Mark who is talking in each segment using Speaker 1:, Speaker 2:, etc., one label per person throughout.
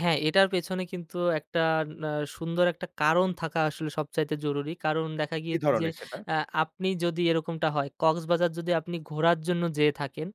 Speaker 1: হ্যাঁ, এটার পেছনে কিন্তু একটা না সুন্দর একটা কারণ থাকা আসলে সবচাইতে জরুরি। কারণ দেখা
Speaker 2: কি
Speaker 1: গিয়েছে যে,
Speaker 2: ধরনের সেটা?
Speaker 1: আ আপনি যদি এরকমটা হয়, কক্সবাজার যদি আপনি ঘোরার জন্য যেয়ে থাকেন,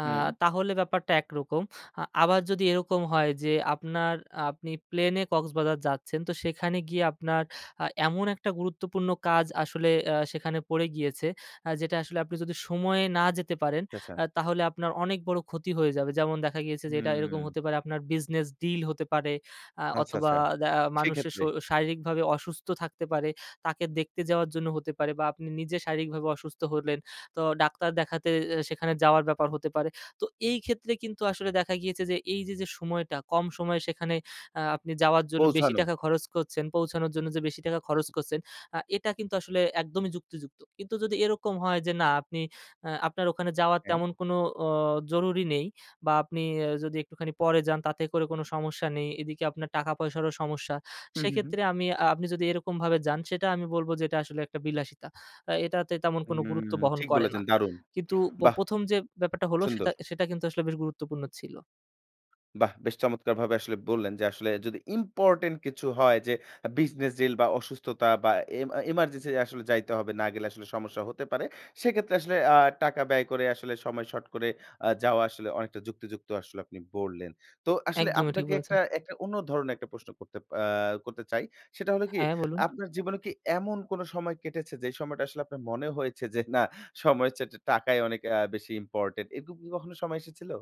Speaker 1: আ
Speaker 2: হুম।
Speaker 1: তাহলে ব্যাপারটা একরকম। আ আবার যদি এরকম হয় যে, আপনার আপনি প্লেনে কক্সবাজার যাচ্ছেন, তো সেখানে গিয়ে আপনার আ এমন একটা গুরুত্বপূর্ণ কাজ আসলে আ সেখানে পড়ে গিয়েছে আ যেটা আসলে আপনি যদি সময়ে না যেতে পারেন,
Speaker 2: আচ আচ্ছা।
Speaker 1: আ তাহলে আপনার অনেক বড় ক্ষতি হয়ে যাবে। যেমন দেখা গিয়েছে যে, এটা এরকম
Speaker 2: হুম,
Speaker 1: হতে পারে আপনার business deal হতে পারে আ
Speaker 2: আচ্ছা,
Speaker 1: অথবা
Speaker 2: আচ্ছা,
Speaker 1: দা মানুষের শ
Speaker 2: সেক্ষেত্রে
Speaker 1: শারীরিকভাবে অসুস্থ থাকতে পারে। তাকে দেখতে যাওয়ার জন্য হতে পারে বা আপনি নিজে শারীরিকভাবে অসুস্থ হলেন। তো ডাক্তার দেখাতে এ সেখানে যাওয়ার ব্যাপার হতে পারে। তো এইক্ষেত্রে কিন্তু আসলে দেখা গিয়েছে যে, এইযে যে, সময়টা কম সময়ে সেখানে আ আপনি যাওয়ার জন্য বেশি
Speaker 2: পৌঁছানো।
Speaker 1: টাকা খরচ করছেন, পৌঁছানোর জন্য যে, বেশি টাকা খরচ করছেন, আ এটা কিন্তু আসলে একদমই যুক্তিযুক্ত। কিন্ত্ব এরকম হয় যে, না, আপনি আপনার ওখানে যাওয়ার
Speaker 2: হ্যাঁ।
Speaker 1: তেমন কোনো ওঁ জরুরি নেই। বা আপনি এ যদি একটুখানি পরে যান, তাতে করে কোন সমস্যা নেই। এদিকে আপনার টাকা পয়সারও সমস্যা।
Speaker 2: হুম, হুম, হুম।
Speaker 1: সেক্ষেত্রে আমি আ আপনি যদি এরকম ভাবে যান, সেটা আমি বলবো যে, এটা আসলে একটা বিলাসিতা। আ এটাতে তেমন কোন
Speaker 2: হুম,
Speaker 1: গুরুত্ব বহন
Speaker 2: ঠিক
Speaker 1: করে না।
Speaker 2: বলেছেন, দারুন।
Speaker 1: কিন্তু ব
Speaker 2: বাহ!
Speaker 1: ১ম যে, ব্যাপারটা হলো,
Speaker 2: সুন্দর।
Speaker 1: সেটা আ সেটা কিন্তু আসলে বেশ গুরুত্বপূর্ণ ছিল।
Speaker 2: বাহ! বেশ চমৎকারভাবে আসলে বললেন যে, আসলে যদি ইম্পোর্টেন্ট কিছু হয়, যে, আ business deal বা অসুস্থতা বা এমা emergency আসলে যাইতে হবে। না গেলে আসলে সমস্যা হতে পারে। সেক্ষেত্রে আসলে আ টাকা ব্যয় করে আসলে সময় শর্ট করে আ যাওয়া আসলে অনেকটা যুক্তিযুক্ত আসলে আপনি বললেন। তো আসলে
Speaker 1: একদমই ঠিক
Speaker 2: আপনাকে
Speaker 1: বলেছেন।
Speaker 2: একটা একটা অন্য ধরনের একটা প্রশ্ন করতে আ করতে চাই। সেটা হল কি?
Speaker 1: হ্যাঁ, বলুন।
Speaker 2: আপনার জীবনে কি এমন কোন সময় কেটেছে যে, যেই সময়টা আসলে আপনার মনে হয়েছে যে, না, সময়ের চাইতে টাকাই অনেক আ বেশি ইম্পোর্টেন্ট? এরকম কি কখনো সময় এসেছিল?